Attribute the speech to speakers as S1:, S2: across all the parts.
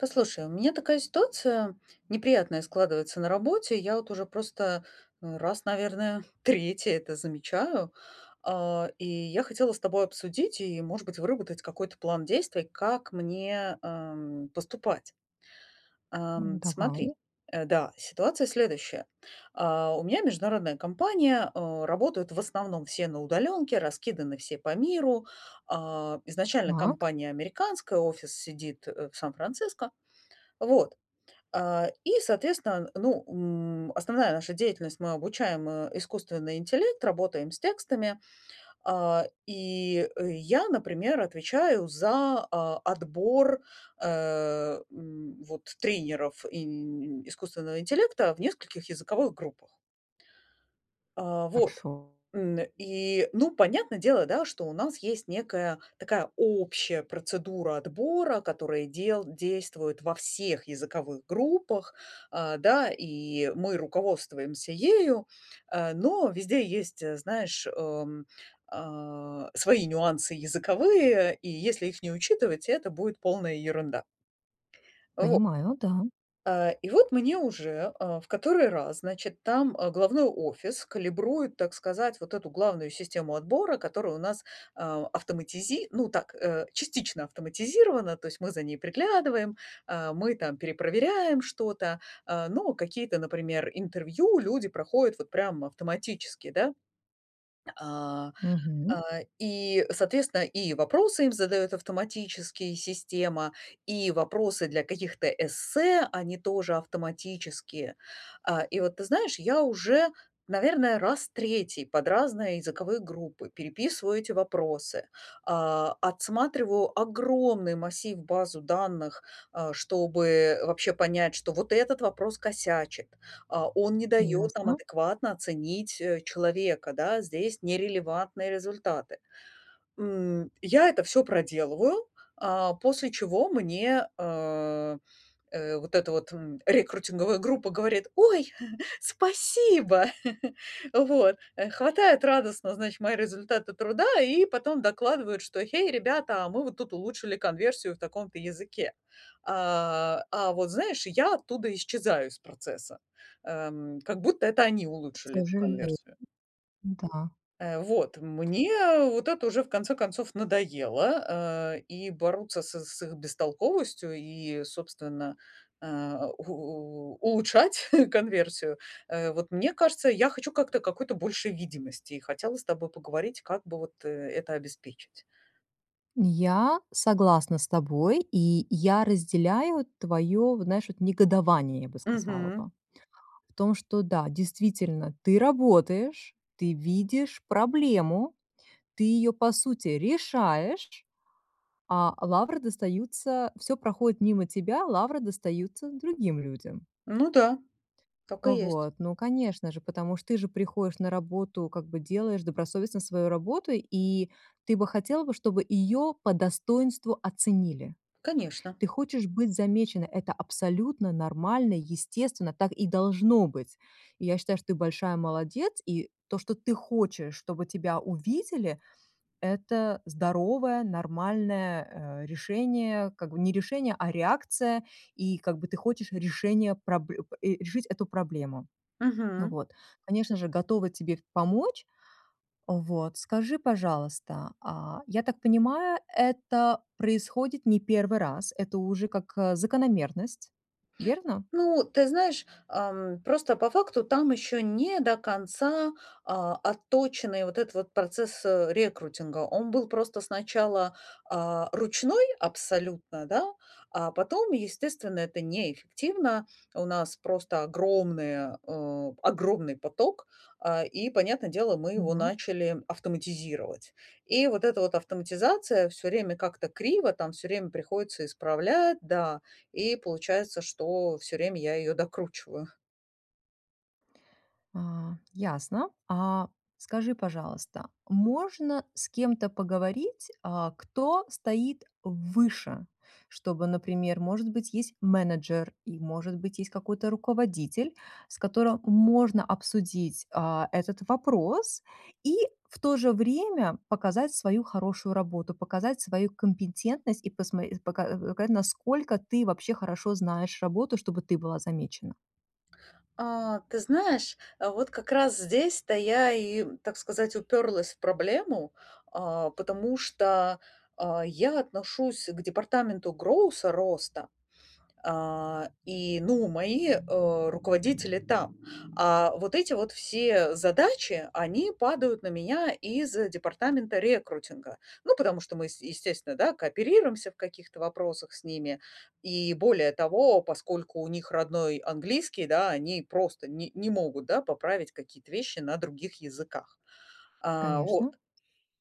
S1: Послушай, у меня такая ситуация неприятная складывается на работе, я вот уже просто, э, раз, наверное, 3 это замечаю, а и я хотела с тобой обсудить и, может быть, выработать какой-то план действий, как мне, эм, поступать.
S2: М.
S1: Эм, смотри,
S2: Давай.
S1: э, да, ситуация следующая. Э, у меня международная компания, э, работают в основном все на удалёнке, раскиданы все по миру. А, изначально
S2: Так.
S1: компания американская, офис сидит, э, в Сан-Франциско. Вот, э, и соответственно, ну, м, основная наша деятельность мы обучаем, э, искусственный интеллект, работаем с текстами, э, и я, например, отвечаю за, э, отбор, э, м, вот, тренеров им искусственного интеллекта в нескольких языковых группах. Э, вот,
S2: Хорошо.
S1: н и ну, понятно дело, да, что у нас есть некая такая общая процедура отбора, которая дел действует во всех языковых группах, а, да, и мы руководствуемся ею, э, но везде есть, знаешь, эм, а, свои нюансы языковые, и если их не учитывать, это будет полная ерунда. Во
S2: Понимаю, да.
S1: Э и вот мне уже, э, в который раз, значит, там, э, головной офис калибрует, так сказать, вот эту главную систему отбора, которая у нас, а, автоматизи ну, так, э, частично автоматизирована, то есть мы за ней приглядываем, э, мы там перепроверяем что-то, э, но какие-то, например, интервью люди проходят вот прям автоматически, да? А,
S2: Мгм.
S1: а, и, соответственно, и вопросы им задает автоматические система, и вопросы для каких-то эссе они тоже автоматические. А, и вот ты знаешь, я уже, наверное, раз 3 под разные языковые группы переписываю эти вопросы, а, отсматриваю огромный массив, базу данных, а, чтобы вообще понять, что вот этот вопрос косячит, а, он не дает нам
S2: Ясно.
S1: адекватно оценить, э, человека, да, здесь нерелевантные результаты. М, я это всё проделываю, а, после чего мне, э, э, вот эта вот, м, рекрутинговая группа говорит: "Ой, спасибо!" Вот, э, хватает радостно, значит, мои результаты труда и потом докладывают, что: "Гэй, ребята, мы вот тут улучшили конверсию в таком-то языке". А, а, вот знаешь, я оттуда исчезаю из процесса. Эм, как будто это они
S2: К
S1: улучшили эту
S2: сожалению.
S1: конверсию.
S2: Да.
S1: Э, вот, мне вот это уже в конце концов надоело, э, и бороться с с их бестолковостью и, собственно, э, у улучшать конверсию. Э, вот мне кажется, я хочу как-то, какой-то большей видимости, и хотела с тобой поговорить, как бы, вот, э, это обеспечить.
S2: Я согласна с тобой, и я разделяю твое вот знаешь негодование, я бы сказала бы.
S1: Мгм.
S2: В том, что да, действительно, ты работаешь, ты видишь проблему, ты ее по сути решаешь, а лавры достаются всё проходит мимо тебя, лавры достаются другим людям.
S1: Ну да. Так и есть.
S2: Вот, ну конечно же, потому ж ты же приходишь на работу, как бы делаешь добросовестно свою работу, и ты бы хотела бы, чтобы её по достоинству оценили.
S1: Конечно.
S2: Ты хочешь быть замечена. Это абсолютно нормально, естественно, так и должно быть. И я считаю, что ты большая молодец, и то, что ты хочешь, чтобы тебя увидели это здоровое нормальное, э, решение. Как бы не решение, а реакция, и как бы ты хочешь решение пробль и решить эту проблему.
S1: Мгм.
S2: Вот, конечно же, готова тебе помочь. Вот, скажи, пожалуйста, а, я так понимая, это происходит не первый раз, это уже как, э, закономерность, верно?
S1: Ну, ты знаешь, ам, просто по факту там ещё не до конца, а, отточенный вот этот вот процесс, э, рекрутинга. Он был просто сначала, а, ручной абсолютно, да? А потом, естественно, это неэффективно. У нас просто огромная, э, огромный поток, э, и понятно дело, мы
S2: М,
S1: его
S2: ну
S1: начали автоматизировать. И вот эта вот автоматизация всё время как-то криво там, всё время приходится исправлять, да, и получается, что всё время я её докручиваю.
S2: А, ясно. А скажи, пожалуйста, можно с кем-то поговорить, а, кто стоит выше. Чтобы, например, может быть, есть менеджер. И, может быть, есть какой-то руководитель, с которым можно обсудить, а, этот вопрос и в то же время показать свою хорошую работу. Показать свою компетентность и посмо и пока э, покать, насколько ты вообще хорошо знаешь работу, чтобы ты была замечена.
S1: А, ты знаешь, а вот как раз здесь-то я и, так сказать, уперлась в проблему. А, потому что, а, я отношусь к департаменту гроуса- роста. А, и ну, мои, э, руководители там. А вот эти вот все задачи, они падают на меня из департамента рекрутинга. Ну, потому что мы, с естественно, да, кооперируемся в каких-то вопросах с ними. И более того, поскольку у них родной английский, да, они просто не не могут, да, поправить какие-то вещи на других языках. А, вот.
S2: Конечно.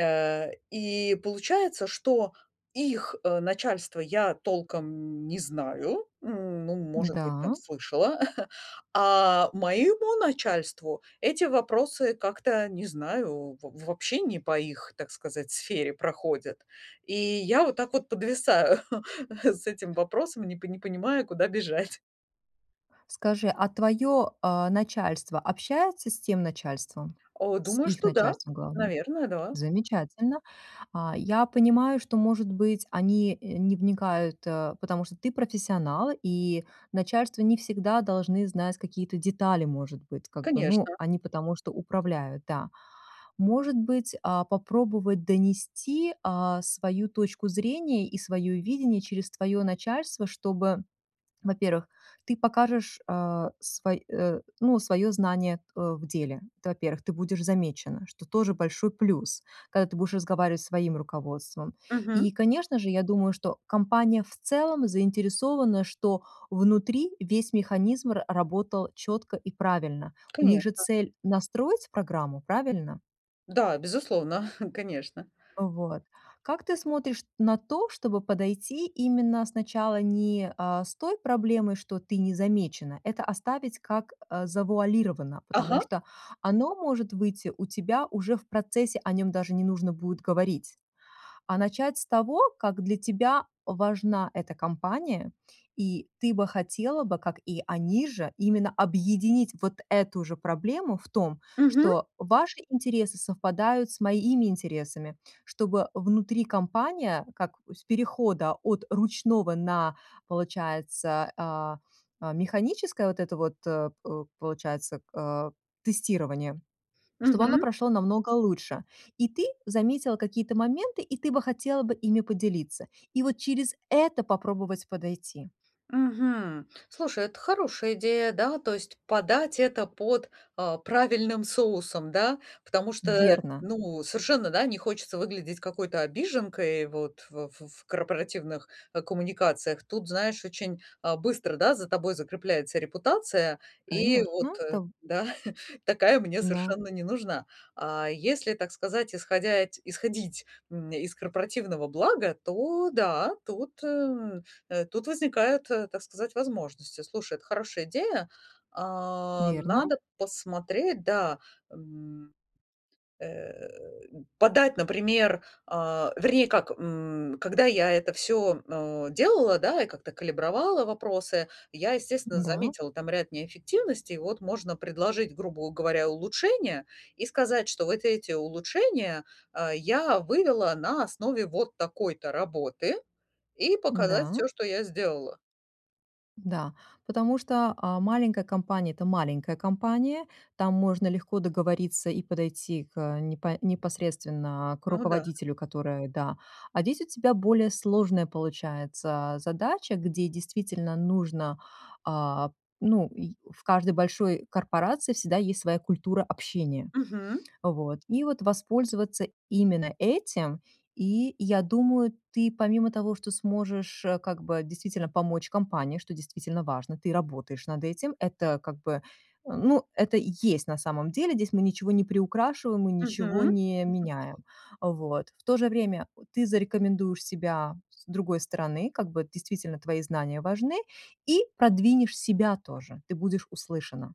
S1: А, и получается, что их, э, начальство я толком не знаю, н ну,
S2: Н,
S1: может быть, там,
S2: да.
S1: слышала. А моему начальству эти вопросы как-то, не знаю. В вообще не по их, так сказать, сфере проходят. И я вот так вот подвисаю с этим вопросом и не пони не понимаю, куда бежать.
S2: Скажи, а твое, а, начальство общается с тем начальством?
S1: О,
S2: С
S1: думаю,
S2: их
S1: что да.
S2: начальством главным?
S1: Наверное, да.
S2: Замечательно. А, я понимаю, что, может быть, они, э, не вникают, э, потому что ты профессионал, и начальство не всегда должны знать какие-то детали, может быть, как бы. Ну,
S1: Конечно.
S2: они потому что управляют, да. Может быть, а, попробовать донести, а, свою точку зрения и свое видение через твое начальство, чтобы Во-первых, ты покажешь, э, свой э, ну, свое знание, т, э, в деле. Это во-первых. Ты будешь замечена. Что тоже большой плюс, когда ты будешь разговаривать со своим руководством.
S1: Мгм.
S2: И, конечно же, я думаю, что компания в целом заинтересована, что внутри весь механизм р-работал четко и правильно. У них же
S1: Конечно.
S2: цель настроить программу, правильно?
S1: Да, безусловно. Конечно.
S2: Э, вот. Как ты смотришь на то, чтобы подойти именно сначала не, э, с той проблемой, что ты не замечена. Это оставить как, э, завуалировано. Потому
S1: Ага!
S2: что оно может выйти у тебя уже в процессе, о нем даже не нужно будет говорить. А начать с того, как для тебя важна эта компания. И ты бы хотела бы, как и они же, именно объединить вот эту же проблему в том,
S1: Мгм.
S2: что: "Ваши интересы совпадают с моими интересами". Чтобы внутри компания, как с перехода от ручного на, получается, а, механическое вот это вот, э, п получается, э, тестирование. Чтобы оно
S1: Мгм.
S2: прошло намного лучше. И ты заметила какие-то моменты, и ты бы хотела бы ими поделиться. И вот через это попробовать подойти.
S1: Мгм. Слушай, это хорошая идея, да, то есть подать это под, э, правильным соусом, да. Потому что,
S2: Верно.
S1: ну, совершенно, да, не хочется выглядеть какой-то обиженкой, вот, в, ф ф корпоративных, э, коммуникациях. Тут, знаешь, очень, а, быстро, да, за тобой закрепляется репутация. И вот,
S2: Конечно.
S1: э,
S2: Та.
S1: да, такая мне
S2: Да.
S1: совершенно не нужна. А если, так сказать, исходять исходить, м, нь из корпоративного блага, то да, тут, э, м, э, тут возникают, э, так сказать, возможности. Слушай, это хорошая идея. А,
S2: Верно.
S1: надо посмотреть, да, м Э, подать, например, а, вернее как. М, когда я это всё, э, делала, да, и как-то калибровала вопросы, я, естественно,
S2: Да.
S1: заметила там ряд неэффективностей. Вот можно предложить, грубу говоря, улучшения и сказать, что вот эти улучшения, э, я вывела на основе вот такой-то работы, и показать
S2: Да.
S1: всё, что я сделала.
S2: Да. Потому что, а, маленькая компания- это маленькая компания. Там можно легко договориться и подойти к непо непосредственно к
S1: Ну да.
S2: руководителю, которая, да А здесь у тебя более сложная получается задача, а, где действительно нужно, а. Ну, и в каждой большой корпорации всегда есть своя культура общения.
S1: Мгм.
S2: Вот. И вот воспользоваться именно этим. И я думаю, ты, помимо того, что сможешь, э, как бы действительно помочь компании, что действительно важно, ты работаешь над этим. Это как бы, э, ну, это есть на самом деле. Здесь мы ничего не приукрашиваем, мы ничего
S1: Мгм.
S2: не меняем. Вот. В то же время ты зарекомендуешь себя с другой стороны, как бы действительно твои знания важны, и продвинешь себя тоже. Ты будешь услышана.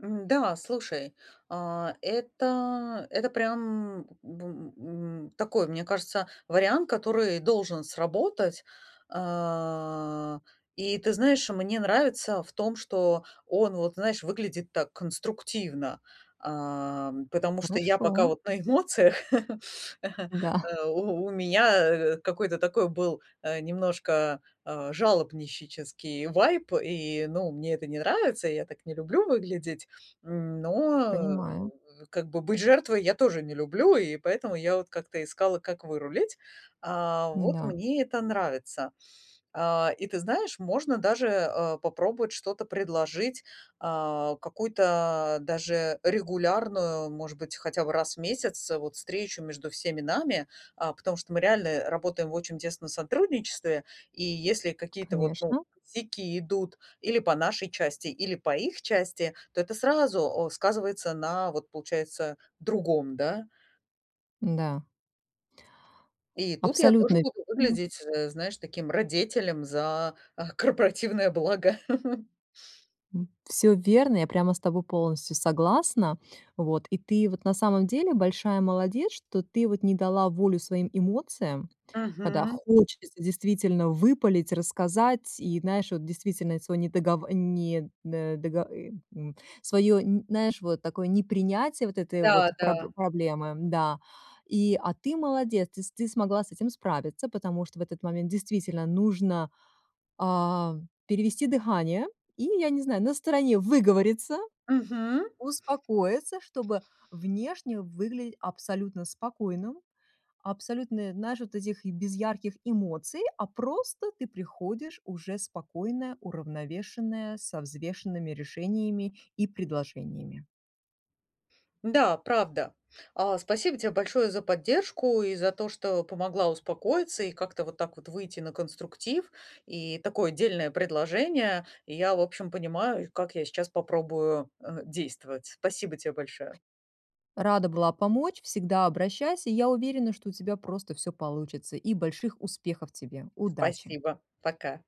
S1: М, да, слушай. А, это, это прям, м, б м, такой, мне кажется, вариант, который должен сработать. А, и ты знаешь, мне нравится в том, что он, вот, знаешь, выглядит так конструктивно. А, потому что я
S2: Хорошо.
S1: пока,
S2: Да.
S1: вот, на эмоциях
S2: Да.
S1: Э, у у меня, э, какой-то такой был, э, немножко, э, жалобнищический вайб. И, ну, мне это не нравится. Я так не люблю выглядеть. Но, э,
S2: Понимаю.
S1: как бы быть жертвой я тоже не люблю, и поэтому я вот как-то искала, как вырулить. А, вот
S2: Да.
S1: мне это нравится. А, и ты знаешь, можно даже, э, попробовать что-то предложить. Э, какую-то даже регулярную, может быть, хотя бы раз в месяц, э, вот, встречу между всеми нами. А, потому что мы реально
S2: [unintelligible]
S1: работаем в очень тесно сотрудничестве, и если какие-то, вот, ну,
S2: Конечно.
S1: сяки идут или по нашей части, или по их части. То это сразу, э, сказывается на, вот, получается, другом, да.
S2: Н, да.
S1: И тут я тоже
S2: Абсолютно.
S1: буду
S2: М.
S1: выглядеть, э, знаешь, таким радетелем за, а, корпоративное благо.
S2: М. Всё верно, я прямо с тобой полностью согласна, вот. И ты, вот, на самом деле большая молодец, что ты, вот, не дала волю своим эмоциям. Когда
S1: Мгм.
S2: хочется действительно выпалить, рассказать и знаешь, вот, действительно, сво не дого не до дого ы н Свое, нь наешь, вот, такое непринятие вот этой вот
S1: Да,
S2: пробл
S1: да.
S2: проблемы, да. И, а ты молодец, ты с ты смогла с этим справиться. Потому что в этот момент действительно нужно, а, перевести дыхание. И, я не знаю, на стороне выговориться,
S1: Мгм.
S2: успокоиться, чтобы внешне выгли абсолютно спокойным. Абсолютное, наешь вот этих, без ярких эмоций. А просто ты приходишь уже спокойная, уравновешенная, со взвешенными решениями и предложениями.
S1: Да, правда. А, спасибо тебе большое за поддержку и за то, что помогла успокоиться и как-то вот так вот выйти на конструктив. И такое дельное предложение. И я, в общем, понимаю, как я сейчас попробую, э, действовать. Спасибо те большое.
S2: Рада была помочь. Всегда обращайся. Я уверена что у тебя просто всё получится. И больших успехов тебе. Удачи.
S1: Спасибо. Пока.